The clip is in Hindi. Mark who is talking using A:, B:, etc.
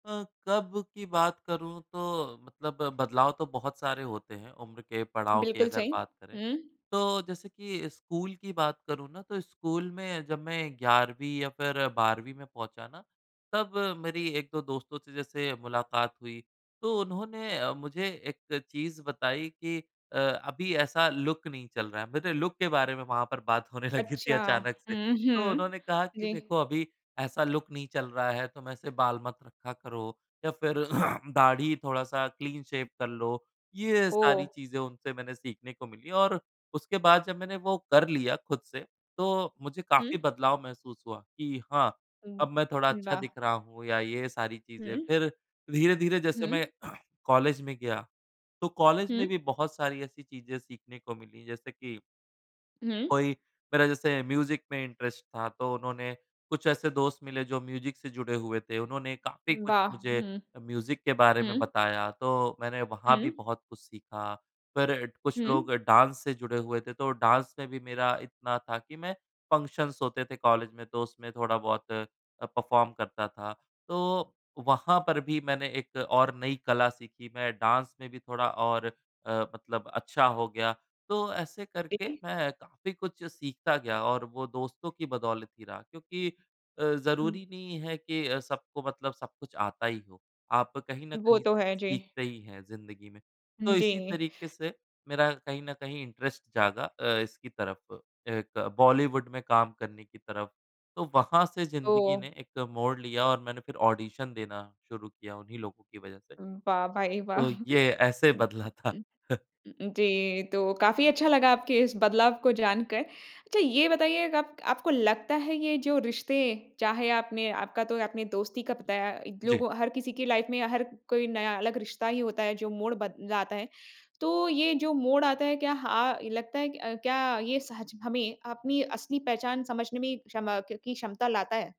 A: अ, कब की बात करूँ तो मतलब बदलाव तो बहुत सारे होते हैं, उम्र के पड़ाव की
B: बिल्कुल
A: अगर
B: सही।
A: बात करें।
B: हुँ।
A: तो जैसे कि स्कूल की बात करूँ ना, तो स्कूल में जब मैं 11 वीं या फिर 12वीं में पहुँचा ना, तब मेरी 1-2 दोस्तों से जैसे मुलाकात हुई, तो उन्होंने अ, मुझे एक चीज़ बताई कि "अ अभी ऐसा लुक नहीं चल रहा है।" मेरे लुक के बारे में वहाँ पर बात होने लगी थी
B: अच्छा।
A: अचानक से।
B: हुँ,
A: तो
B: हुँ।
A: उन्होंने कहा कि,
B: जी।
A: "देखो, अभी ऐसा लुक नहीं चल रहा है। तुम ऐसे बाल मत रखा करो, या फिर दाढ़ी थोड़ा-सा क्लीन शेव कर लो।" ये सारी
B: ओह!
A: चीज़ें उनसे मैंने सीखने को मिली और उसके बाद, जब मैंने वो कर लिया खुद से, तो मुझे काफ़ी
B: हुँ।
A: बदलाव महसूस हुआ कि, "हाँ,
B: उम,
A: अब मैं थोड़ा अच्छा दिख
B: वाह!
A: रहा हूँ" या ये सारी चीज़ें।
B: हुँ।
A: फिर धीरे-धीरे जैसे मैं
B: हुँ।
A: कॉलेज में गया, तो कॉलेज में
B: हुँ।
A: भी बहुत सारी ऐसी चीज़ें सीखने को मिली, जैसे कि
B: हुँ।
A: कोई मेरा जैसे म्यूज़िक में इंटरेस्ट था, तो उन्होंने कुछ ऐसे दोस्त मिले, जो म्यूज़िक से जुड़े हुए थे। उन्होंने काफ़ी कुछ
B: वाह!
A: मुझे
B: हुँ।
A: म्यूज़िक के बारे में
B: हुँ।
A: बताया, तो मैंने वहाँ भी
B: हुँ।
A: बहुत कुछ सीखा। फिर कुछ
B: हुँ।
A: लोग डांस से जुड़े हुए थे, तो डांस में भी मेरा इतना था कि मैं फंक्शन्स होते थे कॉलेज में, तो उसमें थोड़ा-बहुत अ, परफ़ॉर्म करता था। तो वहाँ पर भी मैंने एक और नई कला सीखी। मैं डांस में भी थोड़ा और अ, मतलब अच्छा हो गया। तो ऐसे करके
B: जी।
A: मैं काफ़ी कुछ सीखता गया और वो दोस्तों की बदौलत ही रहा। क्योंकि अ,
B: हुँ।
A: ज़रूरी नहीं है कि सबको मतलब सब कुछ आता ही हो। आप कहीं न
B: वो
A: कहीं
B: तो
A: से
B: है, जी।
A: सीखते ही हैं ज़िंदगी में।
B: उम,
A: तो
B: जी।
A: इसी तरीके से मेरा कहीं न कहीं इंटरेस्ट जागा अ, इसकी तरफ, एक बॉलीवुड में काम करने की तरफ। तो वहाँ से ज़िंदगी
B: तो।
A: ने एक मोड़ लिया और मैंने ऑडिशन देना शुरू किया, उन्हीं लोगों की वजह से।
B: वाह! भाई, वाह!
A: तो ये ऐसे
B: उम,
A: बदला था।
B: उ उम, जी, तो काफ़ी अच्छा लगा आपके इस बदलाव को जान कर। अच्छा, ये बताइए गप आपको लगता है, ये जो रिश्ते, चाहे आपने आपका तो आपने दोस्ती का बताया।
A: जी।
B: लोगों हर किसी की लाइफ़ में या हर कोई नया अलग रिश्ता ही होता है, जो मोड़ बद लाता है। तो ये जो मोड़ आता है, क्या हा ये लगता है कि अ, क्या ये सच हमें अपनी असली पहचान समझने में क्षमा क की क्षमता लाता है?